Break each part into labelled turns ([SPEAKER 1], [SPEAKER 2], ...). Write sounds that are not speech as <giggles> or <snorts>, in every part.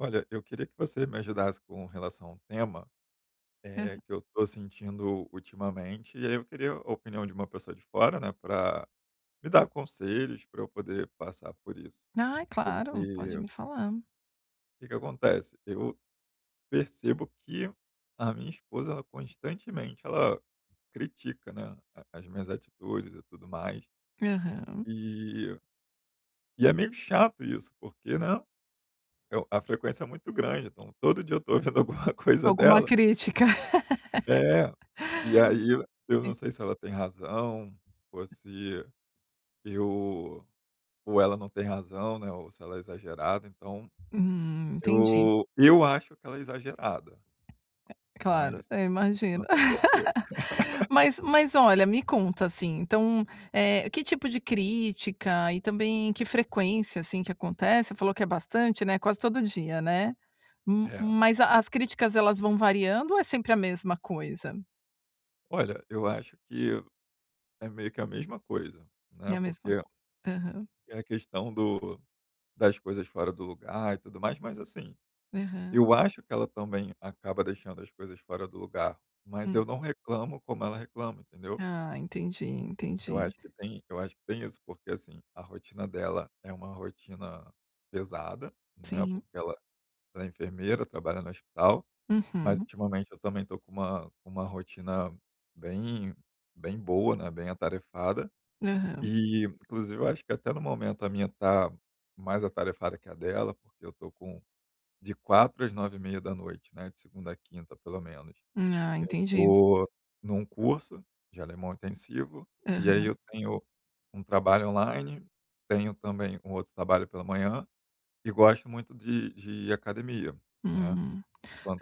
[SPEAKER 1] Olha, eu queria que você me ajudasse com relação a um tema. Eh,
[SPEAKER 2] Aham.
[SPEAKER 1] que eu tô sentindo ultimamente, e aí eu queria a opinião de uma pessoa de fora, né. Pra me dar conselhos, pra eu poder passar por isso.
[SPEAKER 2] Ai, claro, pode
[SPEAKER 1] Porque
[SPEAKER 2] me falar.
[SPEAKER 1] o que que acontece. Eu percebo que a minha esposa ela, constantemente, ela critica, né, a as minhas atitudes e tudo mais.
[SPEAKER 2] Aham.
[SPEAKER 1] E e é meio chato isso porque, né, eu a frequência é muito grande. Então, todo dia eu estou ouvindo alguma coisa
[SPEAKER 2] Alguma
[SPEAKER 1] dela.
[SPEAKER 2] crítica. <laughs>
[SPEAKER 1] É. E aí eu eu
[SPEAKER 2] E
[SPEAKER 1] não sei se ela tem razão, ou se eu ou ela não tem razão, né, ou se ela é exagerada. Então,
[SPEAKER 2] Hum, entendi.
[SPEAKER 1] eu eu acho que ela é exagerada,
[SPEAKER 2] É claro,
[SPEAKER 1] mas
[SPEAKER 2] eu
[SPEAKER 1] não
[SPEAKER 2] imagino.
[SPEAKER 1] tenho certeza.
[SPEAKER 2] <laughs>
[SPEAKER 1] <laughs>
[SPEAKER 2] Mas mas olha, me conta assim, então, eh, que tipo de crítica e também que frequência, assim, que acontece? Você falou que é bastante, né? Quase todo dia, né? Ma
[SPEAKER 1] É.
[SPEAKER 2] mas
[SPEAKER 1] <chuckles>
[SPEAKER 2] as críticas elas vão variando ou é sempre a mesma coisa?
[SPEAKER 1] Olha eu acho que, é meio que a mesma coisa,
[SPEAKER 2] É
[SPEAKER 1] né.
[SPEAKER 2] a mesma
[SPEAKER 1] Porque
[SPEAKER 2] cois Aham.
[SPEAKER 1] é a questão do das coisas fora do lugar e tudo mais. Mas assim,
[SPEAKER 2] Aham.
[SPEAKER 1] eu acho que ela também acaba deixando as coisas fora do lugar, mas
[SPEAKER 2] Hum.
[SPEAKER 1] eu não reclamo como ela reclama, entendeu?
[SPEAKER 2] Ah, entendi,
[SPEAKER 1] Eu
[SPEAKER 2] entendi.
[SPEAKER 1] acho que tem eu acho que tem isso, porque assim, a rotina dela é uma rotina pesada, né.
[SPEAKER 2] Sim.
[SPEAKER 1] Porque ela ela é enfermeira, trabalha no hospital. Mas
[SPEAKER 2] Uhum.
[SPEAKER 1] ultimamente, eu também tô com uma com uma rotina bem bem boa, né, bem atarefada.
[SPEAKER 2] Aham.
[SPEAKER 1] E inclusive eu acho que até no momento a minha tá mais atarefada que a dela, porque eu tô com um de 16:00 às 21:30, né, de segunda a quinta pelo menos.
[SPEAKER 2] Ah,
[SPEAKER 1] Eu
[SPEAKER 2] entendi.
[SPEAKER 1] tô num curso de alemão intensivo, e aí
[SPEAKER 2] Aham.
[SPEAKER 1] eu tenho um trabalho online, tenho também um outro trabalho pela manhã, e gosto muito de de ir academia, né.
[SPEAKER 2] Uhum.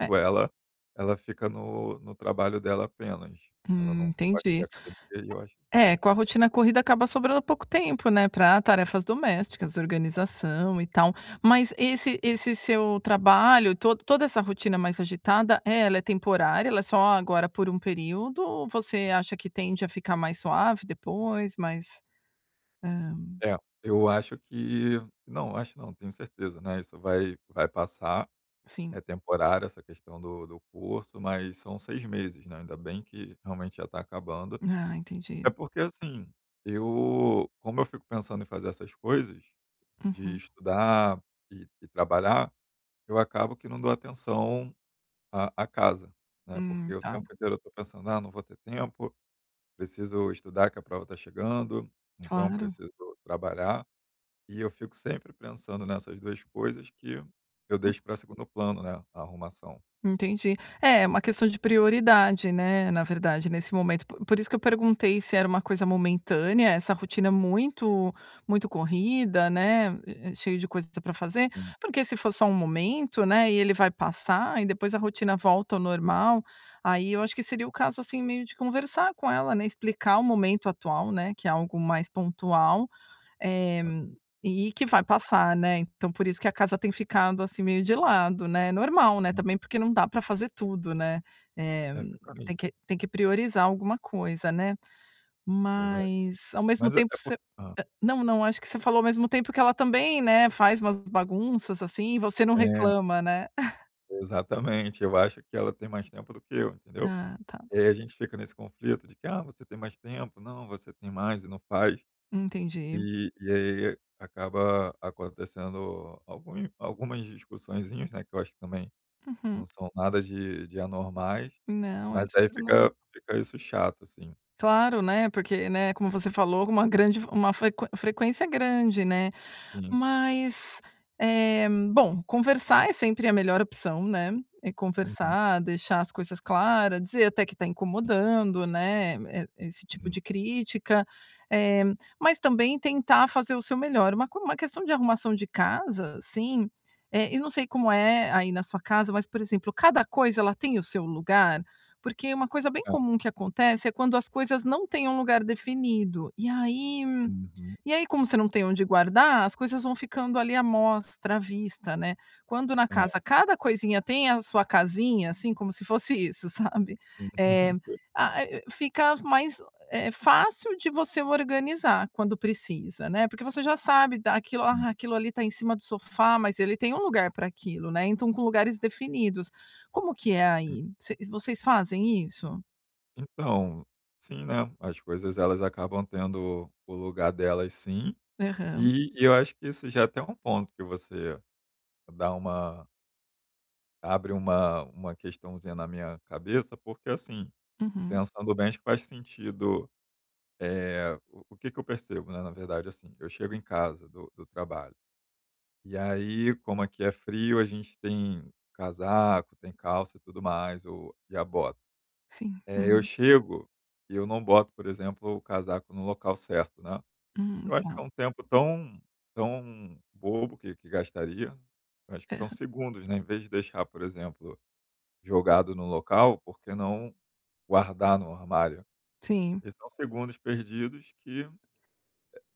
[SPEAKER 2] É...
[SPEAKER 1] ela, ela fica no no trabalho dela apenas, ela
[SPEAKER 2] Hum.
[SPEAKER 1] não gosta de ir
[SPEAKER 2] Entendi.
[SPEAKER 1] academia, aí eu acho
[SPEAKER 2] É é com a rotina corrida acaba sobrando pouco tempo, né, pra tarefas domésticas,
[SPEAKER 1] Ah.
[SPEAKER 2] organização e tal. Mas esse esse seu trabalho e to toda essa rotina mais agitada, é ela é temporária? Ela é só agora por um período ou você acha que tende a ficar mais suave depois? Mais Hã
[SPEAKER 1] É. Eu acho que não, acho não, tenho certeza, né. Isso vai vai passar, é
[SPEAKER 2] Sim.
[SPEAKER 1] temporário essa questão do do curso, mas são 6 meses, né. Ainda bem que realmente já tá acabando.
[SPEAKER 2] Ah, entendi.
[SPEAKER 1] É porque assim, eu como eu fico pensando em fazer essas coisas, de
[SPEAKER 2] Uhum.
[SPEAKER 1] estudar e e trabalhar, eu acabo que não dou atenção à à casa, né.
[SPEAKER 2] Hum.
[SPEAKER 1] Porque o
[SPEAKER 2] Tá.
[SPEAKER 1] tempo inteiro eu tô pensando: "Ah, não vou ter tempo, preciso estudar que a prova tá chegando, ou então
[SPEAKER 2] Claro.
[SPEAKER 1] preciso trabalhar." E eu fico sempre pensando nessas 2 coisas, que eu deixo pra segundo plano, né, a arrumação.
[SPEAKER 2] Entendi. É, uma questão de prioridade, né. Na verdade nesse momento, p por isso que eu perguntei, se era uma coisa momentânea, essa rotina é muito muito corrida, né, e e cheio de coisa que pra fazer.
[SPEAKER 1] Hum.
[SPEAKER 2] Porque se for só um momento, né, e ele vai passar e depois a rotina volta ao normal. Aí, eu acho que seria o caso assim meio de conversar com ela, né, explicar o momento atual, né, que é algo mais pontual, eh,
[SPEAKER 1] Ah.
[SPEAKER 2] e que vai passar, né. Então, por isso que a casa tem ficado, assim, meio de lado, né, normal, né,
[SPEAKER 1] Hum.
[SPEAKER 2] também porque não dá pra fazer tudo, né. Eh,
[SPEAKER 1] É, é o caminho.
[SPEAKER 2] tem que tem que priorizar alguma coisa, né.
[SPEAKER 1] Verdade.
[SPEAKER 2] Mas ao mesmo
[SPEAKER 1] Mas é
[SPEAKER 2] tempo você
[SPEAKER 1] porque hã?
[SPEAKER 2] não não, acho que você falou ao mesmo tempo que ela também, né, faz umas bagunças, assim, e você não
[SPEAKER 1] É.
[SPEAKER 2] reclama, né? <laughs>
[SPEAKER 1] Exatamente, eu acho que ela tem mais tempo do que eu, entendeu?
[SPEAKER 2] Ah tá.
[SPEAKER 1] E aí, a gente fica nesse conflito de que: "Ah, você tem mais tempo. Não, você tem mais e não faz."
[SPEAKER 2] Entendi.
[SPEAKER 1] E e aí acaba acontecendo algum algumas discussãozinhas, né. Que eu acho que também, não
[SPEAKER 2] Uhum.
[SPEAKER 1] são nada de de anormais,
[SPEAKER 2] Não é
[SPEAKER 1] mas aí
[SPEAKER 2] super norm
[SPEAKER 1] fica fica isso chato, assim.
[SPEAKER 2] Claro, né. Porque, né ,como você falou uma grande f uma fre frequência grande, né.
[SPEAKER 1] Sim.
[SPEAKER 2] Mas, eh, bom, conversar é sempre a melhor opção, né. É
[SPEAKER 1] Uhum.
[SPEAKER 2] conversar, deixar as coisas claras, dizer até que tá incomodando, né. E esse tipo
[SPEAKER 1] Uhum.
[SPEAKER 2] de crítica, eh, mas também tentar fazer o seu melhor. Uma co uma questão de arrumação de casa, assim, eh, e não sei como é, aí na sua casa. Mas, por exemplo, cada coisa ela tem o seu lugar? Porque uma coisa bem
[SPEAKER 1] É.
[SPEAKER 2] comum que acontece, é quando as coisas não têm um lugar definido. E aí
[SPEAKER 1] Uhum.
[SPEAKER 2] e aí, como você não tem onde guardar, as coisas vão ficando ali à mostra, à vista, né. Quando na
[SPEAKER 1] É.
[SPEAKER 2] casa, cada coisinha tem a sua casinha, assim, como se fosse isso, sabe? Eh,
[SPEAKER 1] <laughs>
[SPEAKER 2] a a fica mais, eh, fácil de você organizar, quando precisa, né. Porque você já sabe, daquilo.
[SPEAKER 1] Hum.
[SPEAKER 2] "Ah, aquilo ali tá em cima do sofá." Mas ele tem lugar pra aquilo, né? Então com lugares definidos. Como que é
[SPEAKER 1] Hum.
[SPEAKER 2] aí? Voc vocês fazem isso?
[SPEAKER 1] Então, sim, né, as coisas elas acabam tendo o lugar delas sim.
[SPEAKER 2] Aham
[SPEAKER 1] E e eu acho que isso já é até ponto que você, dá uma abre uma, uma questãozinha na minha cabeça, porque assim,
[SPEAKER 2] Uhum.
[SPEAKER 1] pensando bem acho que faz sentido, eh o que que eu percebo, né, na verdade, assim, eu chego em casa do do trabalho, e aí como aqui é frio a gente tem casaco, tem calça e tudo mais ou e a bota,
[SPEAKER 2] Sim,
[SPEAKER 1] eh, eu
[SPEAKER 2] uhum.
[SPEAKER 1] chego, e eu não boto, por exemplo, o casaco no local certo, né.
[SPEAKER 2] Hum,
[SPEAKER 1] Eu acho
[SPEAKER 2] tá.
[SPEAKER 1] que é um tempo tão tão bobo que que gastaria, eu acho que são
[SPEAKER 2] Aham.
[SPEAKER 1] segundos, né, em vez de deixar, por exemplo, jogado no local, por que não guardar no armário?
[SPEAKER 2] Sim.
[SPEAKER 1] E são segundos perdidos que,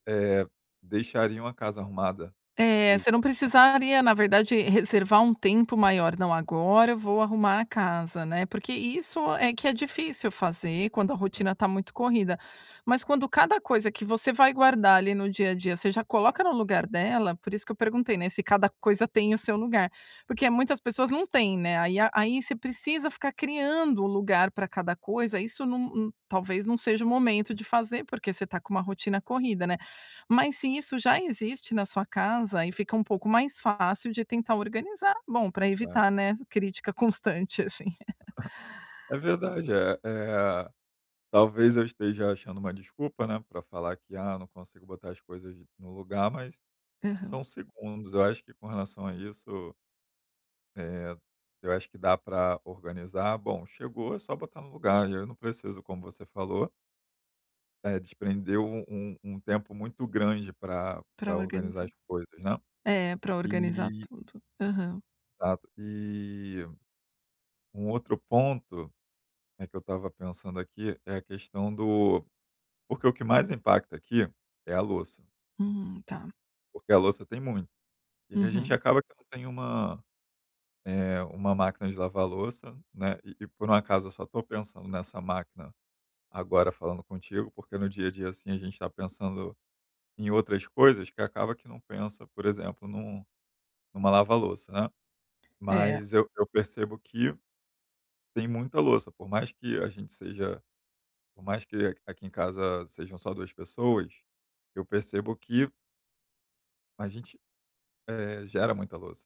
[SPEAKER 1] eh, deixariam a casa arrumada, por
[SPEAKER 2] É, você
[SPEAKER 1] exemplo,
[SPEAKER 2] não
[SPEAKER 1] né.
[SPEAKER 2] precisaria, na verdade reservar um tempo maior. Não, agora eu vou arrumar a casa, né. Porque isso é que é difícil fazer quando a
[SPEAKER 1] É.
[SPEAKER 2] rotina está muito corrida, mas quando cada coisa que você vai guardar ali no dia-a-dia, você já coloca no lugar dela, por isso que eu perguntei, né, se cada coisa tem o seu lugar, porque muitas pessoas não têm, né, aí a aí você precisa ficar criando o lugar pra cada coisa, isso num n talvez não seja o momento de fazer, porque você está com uma rotina corrida, né? Mas se isso já existe na sua casa, aí fica um pouco mais fácil de tentar organizar, bom pra
[SPEAKER 1] Verdade.
[SPEAKER 2] evitar, né, crítica constante, assim. <giggles>
[SPEAKER 1] <laughs> É verdade, eh eh, talvez eu esteja achando uma desculpa, né, pra falar que: "Ah, não consigo botar as coisas no lugar." Mas,
[SPEAKER 2] Aham.
[SPEAKER 1] são segundos, eu acho que com relação a isso eh, eu acho que dá pra organizar, bom, chegou, é só botar no lugar, e aí eu não preciso, como você falou eh, desprende um um um tempo muito grande pra
[SPEAKER 2] Pra
[SPEAKER 1] pra organizar
[SPEAKER 2] organizar,
[SPEAKER 1] as coisas, né?
[SPEAKER 2] é, pra organizar
[SPEAKER 1] E
[SPEAKER 2] tudo, aham.
[SPEAKER 1] Exato, e um outro ponto, né, que eu estava pensando aqui, é a questão do porque o que mais impacta aqui é a louça.
[SPEAKER 2] Hum, tá.
[SPEAKER 1] Porque a louça tem muito. E a gente
[SPEAKER 2] Uhum.
[SPEAKER 1] acaba que não tem uma, eh, uma máquina de lavar louça, né, e e por um acaso eu só estou pensando nessa máquina, agora falando contigo, porque no dia a dia, assim, a gente está pensando em outras coisas, que acaba que não pensa, por exemplo, num numa lava-louça, né?
[SPEAKER 2] É.
[SPEAKER 1] Mas eu eu percebo que tem muita louça, por mais que a gente seja por mais que aqui em casa sejam só duas pessoas, eu percebo que a gente, eh, gera muita louça,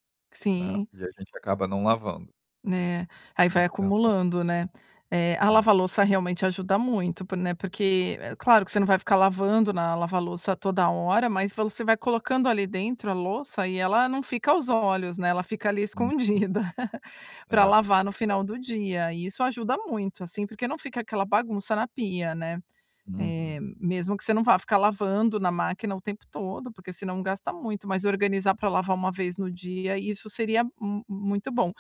[SPEAKER 1] né,
[SPEAKER 2] Sim.
[SPEAKER 1] e a gente acaba não lavando.
[SPEAKER 2] Né? Aí vai
[SPEAKER 1] Então
[SPEAKER 2] acumulando, né? É, a
[SPEAKER 1] É.
[SPEAKER 2] lava-louça realmente ajuda muito, por né, porque é claro que você não vai ficar lavando na lava-louça toda hora, mas você vai colocando ali dentro a louça e ela não fica aos olhos, né? Ela fica ali
[SPEAKER 1] Uhum.
[SPEAKER 2] escondida, <laughs> pra
[SPEAKER 1] É.
[SPEAKER 2] lavar no final
[SPEAKER 1] <unintelligible>
[SPEAKER 2] do dia e isso ajuda muito assim, porque não fica aquela bagunça na pia, né? Eh,
[SPEAKER 1] Uhum.
[SPEAKER 2] mesmo que você não vá ficar lavando na máquina o tempo todo, porque senão gasta muito, mas organizar pra lavar uma vez no dia, isso seria m muito bom.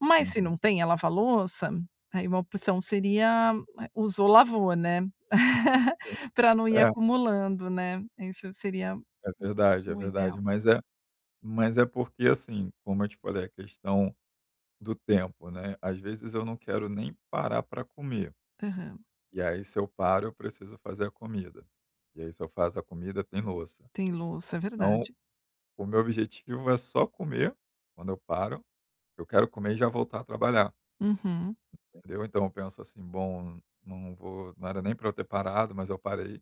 [SPEAKER 2] Mas se
[SPEAKER 1] Uhum.
[SPEAKER 2] não tem a lava-louça, aí uma opção seria, eh, usou lavou, né? <laughs> Pra não ir
[SPEAKER 1] É.
[SPEAKER 2] acumulando, né? Isso seria o
[SPEAKER 1] É verdade, é
[SPEAKER 2] o
[SPEAKER 1] verdade,
[SPEAKER 2] ideal.
[SPEAKER 1] mas é mas é porque, assim, como eu te falei, a questão do tempo, né, às vezes eu não quero nem parar pra comer.
[SPEAKER 2] Aham.
[SPEAKER 1] E aí se eu paro eu preciso fazer a comida. E aí se eu faço a comida tem louça.
[SPEAKER 2] Tem louça, é
[SPEAKER 1] Então,
[SPEAKER 2] verdade.
[SPEAKER 1] o meu objetivo é só comer, quando eu paro, eu quero comer e já voltar a trabalhar.
[SPEAKER 2] Uhum.
[SPEAKER 1] Entendeu? Então eu penso assim: "Bom, não vou não era nem pra eu ter parado, mas eu parei,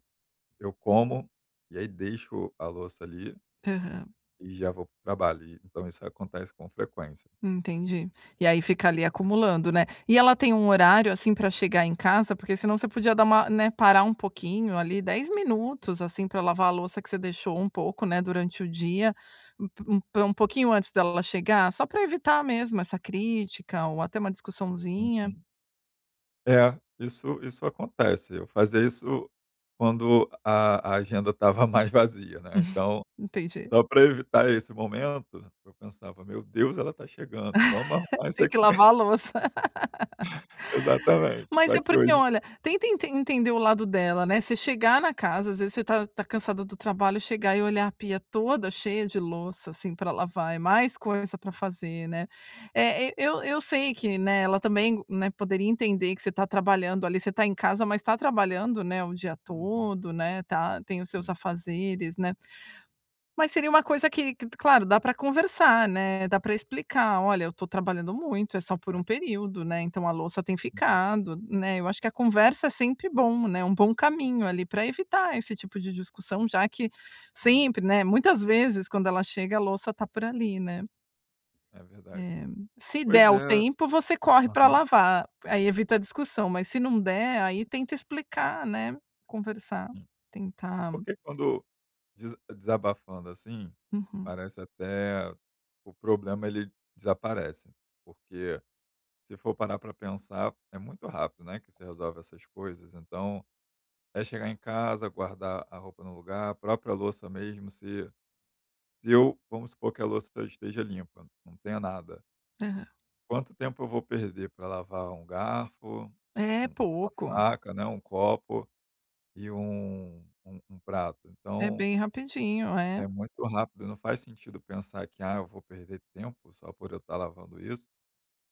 [SPEAKER 1] eu como, e aí deixo a louça ali
[SPEAKER 2] Aham.
[SPEAKER 1] e já vou para o trabalho." E então isso acontece com frequência.
[SPEAKER 2] Entendi. E aí fica ali acumulando, né? E ela tem um horário, assim, pra chegar em casa? Porque senão você podia dar, né, parar um pouquinho, ali 10 minutos, assim, pra lavar a louça que você deixou um pouco, né, durante o dia, um p um pouquinho antes dela chegar, só pra evitar mesmo essa crítica ou até uma discussãozinha.
[SPEAKER 1] Uhum. É, isso isso acontece, eu fazia isso quando a a agenda estava mais vazia, né,
[SPEAKER 2] <snorts>
[SPEAKER 1] então,
[SPEAKER 2] Entendi.
[SPEAKER 1] só pra evitar esse momento, eu pensava: "Meu Deus ela está chegando, vamos
[SPEAKER 2] <laughs>
[SPEAKER 1] arrumar isso
[SPEAKER 2] Tem que
[SPEAKER 1] aqui."
[SPEAKER 2] lavar a
[SPEAKER 1] <laughs>
[SPEAKER 2] louça.
[SPEAKER 1] <snorts>
[SPEAKER 2] <laughs>
[SPEAKER 1] Exatamente,
[SPEAKER 2] Mas
[SPEAKER 1] só
[SPEAKER 2] é
[SPEAKER 1] que
[SPEAKER 2] porque
[SPEAKER 1] hoje
[SPEAKER 2] olha, tenta ente entender o lado dela, né? Você chegar na casa, às vezes você tá tá cansada do trabalho, chegar e olhar a pia toda cheia de louça, assim, pra lavar, é mais coisa pra fazer, né? Eh, e eu eu sei que, né, ela também, né, poderia entender que você está trabalhando, ali, você tá em casa, mas está trabalhando, né, o dia
[SPEAKER 1] Uhum.
[SPEAKER 2] todo, né, tá tem os seus
[SPEAKER 1] Hum.
[SPEAKER 2] afazeres, né? Mas seria uma coisa que claro, dá pra conversar, né? Dá pra explicar: "Olha, eu tô trabalhando muito, é só por um
[SPEAKER 1] Verdade.
[SPEAKER 2] período, né? Então a louça tem
[SPEAKER 1] Uhum.
[SPEAKER 2] ficado." Né? Eu acho que a conversa é sempre bom, né? Um bom caminho ali, pra evitar esse tipo de discussão, já que,
[SPEAKER 1] Sim.
[SPEAKER 2] sempre né, muitas vezes quando ela chega a louça está por ali, né?
[SPEAKER 1] É verdade.
[SPEAKER 2] Eh, se
[SPEAKER 1] Pois
[SPEAKER 2] der o
[SPEAKER 1] é.
[SPEAKER 2] tempo você corre pra
[SPEAKER 1] Aham.
[SPEAKER 2] lavar, aí evita a discussão, mas se não der, aí tenta explicar, né? Conversar,
[SPEAKER 1] Sim.
[SPEAKER 2] tentar
[SPEAKER 1] Porque quando desa desabafando assim,
[SPEAKER 2] Uhum.
[SPEAKER 1] parece até o problema ele desaparece. Porque se for parar pra pensar, é muito rápido, né, que se resolve essas coisas, então, é chegar em casa, guardar a roupa no lugar, a própria louça mesmo se se eu vamos supor que a louça esteja limpa, não tenha nada.
[SPEAKER 2] Aham.
[SPEAKER 1] Quanto tempo eu vou perder pra lavar um garfo,
[SPEAKER 2] É,
[SPEAKER 1] uma
[SPEAKER 2] pouco.
[SPEAKER 1] faca, né, um copo, e um um um prato?
[SPEAKER 2] É
[SPEAKER 1] Então
[SPEAKER 2] bem rapidinho, é.
[SPEAKER 1] é muito rápido. Não faz sentido pensar que: "Ah, eu vou perder tempo só por eu estar lavando isso."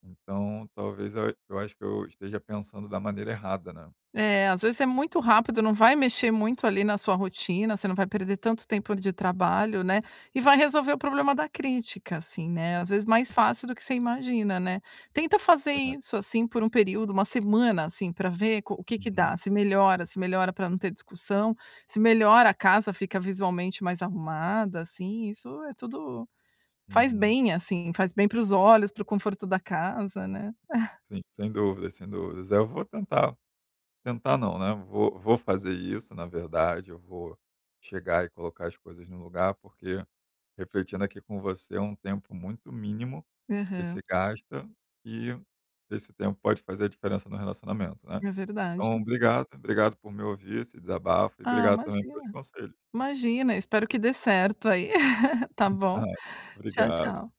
[SPEAKER 1] Então talvez eu eu acho que eu esteja pensando da maneira errada, né.
[SPEAKER 2] É, às vezes é muito rápido. Não vai mexer muito, ali, na sua rotina, você não vai perder tanto tempo, ali, de trabalho, né, e vai resolver o problema da crítica, assim, né, às vezes mais fácil do que você imagina, né? Tenta fazer
[SPEAKER 1] Verdade.
[SPEAKER 2] isso, assim, por um período, uma semana, assim, pra ver co o que que
[SPEAKER 1] Uhum.
[SPEAKER 2] dá, se melhora, se melhora pra não ter discussão, se melhora, a casa fica visualmente mais arrumada, assim, isso é tudo faz
[SPEAKER 1] Uhum.
[SPEAKER 2] bem, assim, faz bem pros olhos, pro conforto da casa, né? <giggles>
[SPEAKER 1] Sim, sem dúvidas, sem dúvidas, é, eu vou tentar. Tentar não, né? Vou vou fazer isso na verdade, eu vou chegar e colocar as coisas no lugar, porque, refletindo aqui com você, é um tempo muito mínimo que se
[SPEAKER 2] Aham.
[SPEAKER 1] gasta e esse tempo pode fazer a diferença no relacionamento, né?
[SPEAKER 2] É
[SPEAKER 1] Então
[SPEAKER 2] verdade.
[SPEAKER 1] obrigado, obrigado por me ouvir esse desabafo, e
[SPEAKER 2] Ah,
[SPEAKER 1] obrigado também pelos
[SPEAKER 2] imagina
[SPEAKER 1] conselhos.
[SPEAKER 2] imagina, espero que dê certo aí. <laughs> Está bom?
[SPEAKER 1] <unintelligible>
[SPEAKER 2] Tchau,
[SPEAKER 1] Obrigado.
[SPEAKER 2] tchau.